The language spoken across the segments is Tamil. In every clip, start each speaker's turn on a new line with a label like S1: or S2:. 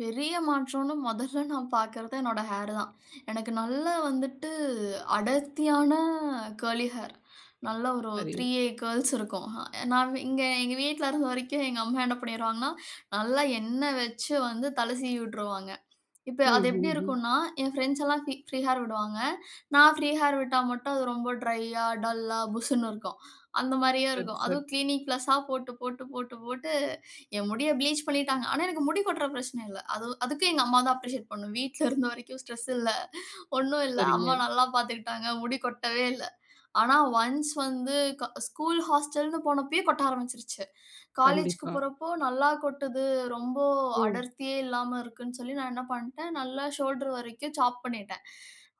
S1: பெரிய மாற்றம்னு மொதல்ல நான் பார்க்றது என்னோட ஹேர் தான். எனக்கு நல்ல வந்துட்டு அடர்த்தியான கேர்லி ஹேர். நல்ல ஒரு
S2: சரி.
S1: 3ஏ கேர்ல்ஸ் இருக்கும். நான் இங்க எங்க வீட்ல இருந்த வரைக்கும் எங்க அம்மா என்ன பண்ணிருவாங்கன்னா, நல்லா எண்ண வச்சு வந்து தல சீவியுட்ருவாங்க. இப்ப
S2: ம்,
S1: அது எப்டி
S2: ம், ம்.
S1: இருக்குன்னா, என் ஃபிரண்ட்ஸ் எல்லாம் பி ஃப்ரீ ஹேர் விடுவாங்க. நான் ஃப்ரீ ஹேர் விட்டா மட்டும் அது ரொம்ப ட்ரையா, டல்லா, புஸ்ஸுன்னு இருக்கும். அந்த மாரியே
S2: சரி,
S1: இருக்கும்.
S2: சரி.
S1: அதுவும் கிளினிக் பிளஸ்ஸா போட்டு, போட்டு, போட்டு, போட்டு என் முடிய ப்ளீச் பண்ணிட்டாங்க. ஆனா, எனக்கு முடி கொட்ற பிரச்சன இல்ல. அது அதுக்கு எங்க அம்மாதான் அப்ரிஷியேட் பண்ணனும். வீட்ல இருந்த வரைக்கும் ஸ்ட்ரெஸ் இல்ல. ஒண்ணும் இல்ல. அம்மா
S2: சரிங்க.
S1: நல்லா பாத்துக்கிட்டாங்க. முடி கொட்டவே இல்ல. ஆனா, ஒன்ஸ் வந்து ஸ்கூல் ஹாஸ்டல்னு போனப்பயே கொட்ட ஆரம்பிச்சிருச்சு. காலேஜுக்கு
S2: கண்டிப்பா.
S1: போறப்போ நல்லா கொட்டுது. ரொம்ப
S2: ம்.
S1: அடர்த்தியே இல்லாம இருக்குன்னு சொல்லி, நான் என்ன பண்ட்டேன், நல்லா ஷோல்டர் வரைக்கும் சாப் பண்ணிட்டேன்.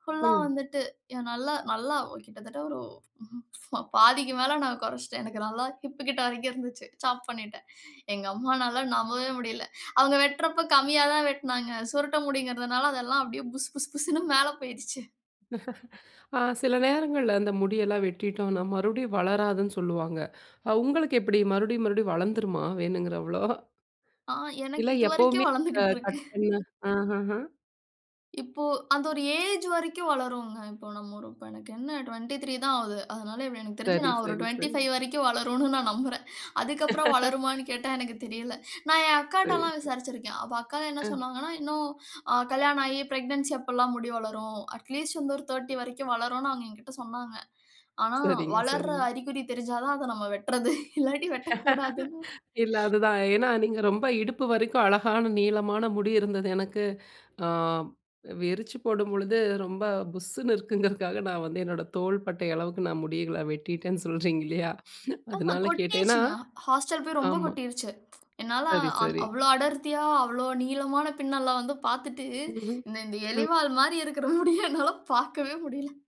S1: ஃபுல்லா
S2: ம்.
S1: வந்துட்டு ஏன் நல்லா நல்லா கிட்டத்தட்ட ஒரு பாதிக்கு மேல நான் கொறச்சுட்டேன். எனக்கு நல்லா ஹிப் கிட்ட வரைக்கும் இருந்துச்சு. சாப் பண்ணிட்டேன். எங்க அம்மானால நம்பவே முடில. அவங்க வெட்றப்போ கம்மியாதான் வெட்னாங்க. சுருட்ட முடிங்குறதுனால அது எல்லாம் அப்டியே புஸ் புஸ் புஸ்ஸுன்னு மேல போயிருச்சு.
S2: ஆ சில நேரங்கள்ல அந்த முடியெல்லாம் வெட்டிட்டோம்ன்னா மறுபடியும் வளராதுன்னு சொல்லுவாங்க. அ உங்களுக்கு எப்டி? மறுபடியும் மறுபடியும் வளர்ந்துருமா, வேணுங்குறவ்ளோ?
S1: ஆ எனக்கு
S2: இல்ல
S1: இது
S2: எப்பவுமே
S1: வரைக்கும்
S2: அ
S1: வளந்துகிட்டு இருக்கு.
S2: கட் பண்ண ஆஹஹ.
S1: இப்போ அது ஒரு ஏஜ் வரைக்கும் வளருங்க. இப்போ நமக்கு என்ன 23 தான் ஆகுது. அதனால இப்டி எனக்கு தெரிஞ்சு
S2: சரி,
S1: நான் ஒரு
S2: சரி,
S1: டுவென்டி
S2: சரி.
S1: பைவ் வரைக்கும் வளரும்னு நான் நம்புறேன். அதுக்கப்றம் வளருமான்னு கேட்டா எனக்கு தெரியல. நான் என் அக்காட்ட
S2: சரி.
S1: எல்லாம் விசாரிச்சிருக்கேன். அப்ப அக்கா என்ன
S2: அ.
S1: சொன்னாங்கன்னா, இன்னும் அ கல்யாணம் ஆகி பிரக்னன்சி அப்பலாம் முடி வளரும். அட்லீஸ்ட் வந்து ஒரு 30 வரைக்கும் வளரும்னு அவங்க என்கிட்ட சொன்னாங்க. ஆனா,
S2: சரிங்க,
S1: வளர்ற
S2: சரிங்க.
S1: அறிகுறி தெரிஞ்சாதான் அத நம்ம வெட்றது. இல்லாட்டி வெட்டக் கூடாதுன்னு
S2: இல்ல, அதுதான். ஏன்னா, நீங்க ரொம்ப இடுப்பு வரைக்கும் அழகான நீளமான முடி இருந்தது எனக்கு. அ விரிச்சு போடும் பொழுது ரொம்ப புஸ்ஸுன்னு இருக்குங்குறதுக்காக நான் வந்து என்னோட தோள்பட்டை அளவுக்கு நான் முடிகள வெட்டிட்டேன்னு சொல்றீங்க இல்லையா?
S1: ஆஹ.
S2: அதனால கேட்டேன். ஏன்னா
S1: கொட்டிருச்சுங்க. ஹாஸ்டல் போய் ரொம்ப
S2: ஆமா.
S1: கொட்டிருச்சு. என்னால
S2: சரி,
S1: அவ்
S2: சரி.
S1: அவ்ளோ அடர்த்தியா, அவ்வளவு நீளமான பின்னல வந்து பார்த்துட்டு,
S2: ம்ஹ்ம்.
S1: இந்த இந்த
S2: ம்.
S1: எலிவால் மாரி இருக்குற முடிய என்னால பாக்கவே முடில.